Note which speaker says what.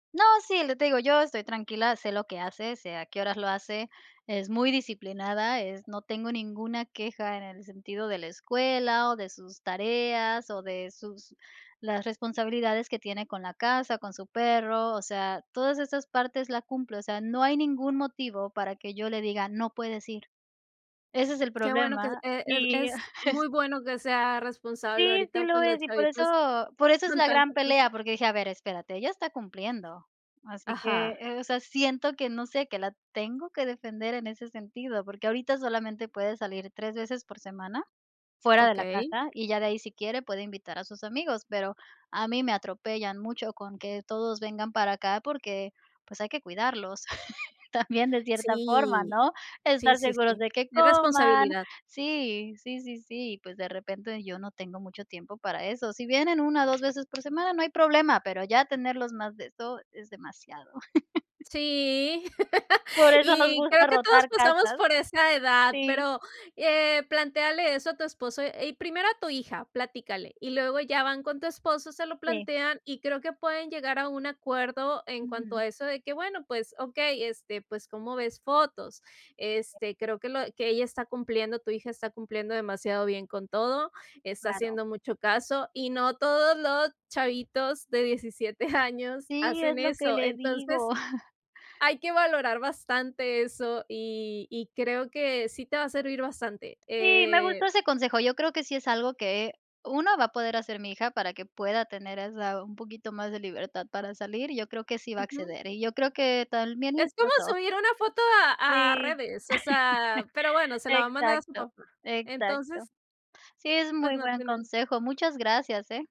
Speaker 1: No, sí, lo que te digo, yo estoy tranquila, sé lo que hace, sé a que horas lo hace, es muy disciplinada, es no tengo ninguna queja en el sentido de la escuela, o de sus tareas, o de sus las responsabilidades que tiene con la casa, con su perro, o sea, todas esas partes la cumple, o sea, no hay ningún motivo para que yo le diga: “No puedes ir”. Ese es el
Speaker 2: Qué bueno que, es
Speaker 1: problema,
Speaker 2: e el
Speaker 1: y
Speaker 2: es muy bueno que sea responsable
Speaker 1: Sí, sí
Speaker 2: ahorita,
Speaker 1: lo
Speaker 2: pues, los
Speaker 1: es, y por
Speaker 2: chavitos
Speaker 1: eso por eso es
Speaker 2: con
Speaker 1: la gran
Speaker 2: tanta cosa.
Speaker 1: pelea, porque dije: “A ver, espérate, ella está cumpliendo”. Así que,
Speaker 2: Ajá.
Speaker 1: eh, o sea, siento que no sé, que la tengo que defender en ese sentido, porque ahorita solamente puede salir 3 veces por semana fuera de la
Speaker 2: Okey.
Speaker 1: casa, y ya de ahí, si quiere, puede invitar a sus amigos. Pero a mí me atropellan mucho con que todos vengan para acá, porque, pues, hay que cuidarlos también de cierta forma,
Speaker 2: Sí,
Speaker 1: ¿no?
Speaker 2: sí,
Speaker 1: Estar
Speaker 2: sí,
Speaker 1: seguros
Speaker 2: sí,
Speaker 1: de que
Speaker 2: es
Speaker 1: coman
Speaker 2: responsabilidad.
Speaker 1: sí, sí, sí, sí, y, pues, de repente, yo no tengo mucho tiempo para eso. Si vienen 1 o 2 veces por semana, no hay problema, pero ya tenerlos más de esto es demasiado.
Speaker 2: Sí,
Speaker 1: Por eso nos
Speaker 2: y creo
Speaker 1: gusta
Speaker 2: que todos
Speaker 1: rotar
Speaker 2: pasamos
Speaker 1: casas.
Speaker 2: por esa edad,
Speaker 1: Sí.
Speaker 2: pero, eh, plantéale eso a tu esposo y primero a tu hija, platícale, y luego ya van con tu esposo, se lo
Speaker 1: Sí.
Speaker 2: plantean y creo que pueden llegar a un acuerdo en cuanto
Speaker 1: Ujú.
Speaker 2: a eso de que: "Bueno, pues, okey, este, pues, ¿cómo ves fotos?", este, creo que lo que ella está cumpliendo, tu hija está cumpliendo demasiado bien con todo, está
Speaker 1: Claro.
Speaker 2: haciendo mucho caso y no todos los chavitos de 17 años
Speaker 1: Sí, es
Speaker 2: hacen
Speaker 1: lo que
Speaker 2: eso.
Speaker 1: le digo.
Speaker 2: Entonces, hay que valorar bastante eso, y y creo que sí te va a servir bastante.
Speaker 1: Sí, me gustó
Speaker 2: Eh.
Speaker 1: ese consejo, yo creo que sí es algo que, 1 va a poder hacer mi hija para que pueda tener esa un poquito más de libertad para salir. Yo creo que sí va a
Speaker 2: Ujú.
Speaker 1: acceder, y yo creo que también mi
Speaker 2: Es como
Speaker 1: esposo.
Speaker 2: subir una foto a a
Speaker 1: Sí,
Speaker 2: redes, o sea, pero bueno, se la va a mandar a su
Speaker 1: exacto,
Speaker 2: papá,
Speaker 1: exacto.
Speaker 2: entonces
Speaker 1: Sí, es
Speaker 2: pues,
Speaker 1: muy
Speaker 2: no
Speaker 1: buen
Speaker 2: tienen.
Speaker 1: consejo, muchas gracias, ¿eh?